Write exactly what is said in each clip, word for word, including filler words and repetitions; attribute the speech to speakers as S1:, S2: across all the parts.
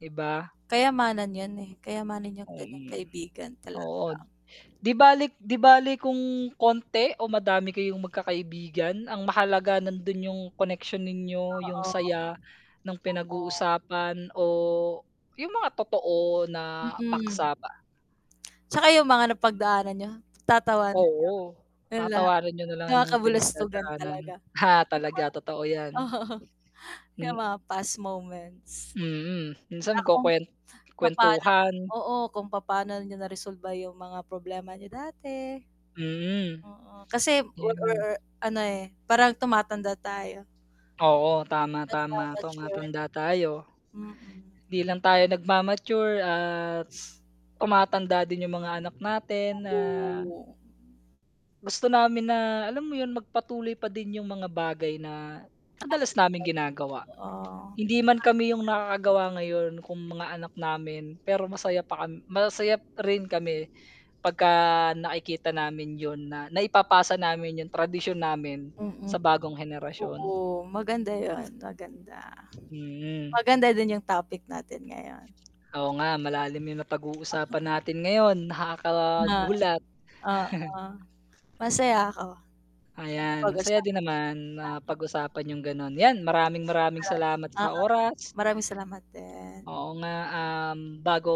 S1: Iba.
S2: Kayamanan yan, eh. Kayamanan yang ganyang
S1: Mm.
S2: kaibigan
S1: Oo.
S2: talaga.
S1: 'Di balik 'di bale kung konti o madami kayong magkakaibigan, ang mahalaga nando'n yung connection ninyo, yung
S2: Oo.
S1: saya no'ng
S2: Oo.
S1: pinag-uusapan o, yung mga totoo na
S2: Mm.
S1: paksa pa.
S2: Tsaka yung mga napagdaanan niyo, tatawanan niyo,
S1: Oo.
S2: yun lahat.
S1: Tatawanan niyo nalang
S2: Mga
S1: yung mga
S2: kabulustugan
S1: pinagdadaanan.
S2: talaga.
S1: Ha, talaga, totoo yan.
S2: Oo. Yung
S1: Hmm
S2: mga past moments.
S1: Mm. Minsan
S2: Tsaka kung
S1: magkukuwen
S2: papa'no niyo
S1: kuwentuhan.
S2: oo, kung papa'no niyo naresolba yung mga problema niyo dati.
S1: Mm.
S2: Oo. Kasi er er
S1: Yan.
S2: er ano, eh, parang tumatanda tayo.
S1: Oo, tama, tama,
S2: Nagmamature.
S1: tumatanda tayo.
S2: Mm.
S1: Hindi lang tayo nagmamature at, tumatanda din yung mga anak natin, ah
S2: [unintelligible]
S1: gusto namin na, alam mo yun? Magpatuloy pa din yung mga bagay na, madalas
S2: Nakasanayan.
S1: naming ginagawa.
S2: Oo.
S1: Hindi man
S2: [unintelligible]
S1: kami yung nakakagawa ngayon, kung mga anak namin, pero masaya pa kam masaya pa rin kami pagka nakikita namin yun na, naipapasa namin yung tradisyon namin
S2: Mm.
S1: sa bagong henerasyon.
S2: Oo, maganda yun, maganda.
S1: Hmm.
S2: Maganda din yung topic natin ngayon.
S1: Oo nga, malalim yung napag-uusapan natin ngayon,
S2: Na
S1: nakakagulat.
S2: oo. Masaya ako, sa
S1: Ayan, masaya
S2: napag-usapan.
S1: din naman na
S2: [unintelligible]
S1: pag-usapan yung gano'n. Yan, maraming-maraming salamat sa
S2: [unintelligible]
S1: oras.
S2: Maraming salamat din.
S1: Oo nga, um, bago,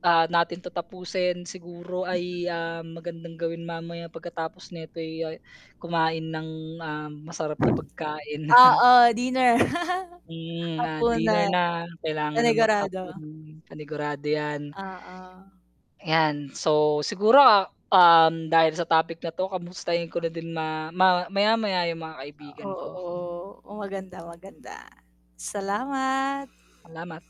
S1: ah, natin 'to tapusin, siguro
S2: Mhm.
S1: ay, ah, magandang gawin mamaya pagkatapos nito'y, ah, kumain ng, ah, masarap na pagkain.
S2: Oo, dinner.
S1: Hmm, ah, dinner
S2: Hapunan.
S1: na, kailangan ng
S2: Panigurado.
S1: maghapunan. Panigurado yan.
S2: Oo.
S1: Ayan. So, siguro, ah, um, dahil sa topic na 'to, kamustahin ko na din ma ma maya-maya yung mga
S2: Ah,
S1: kaibigan ko.
S2: oo. Maganda, maganda. Salamat.
S1: alamat.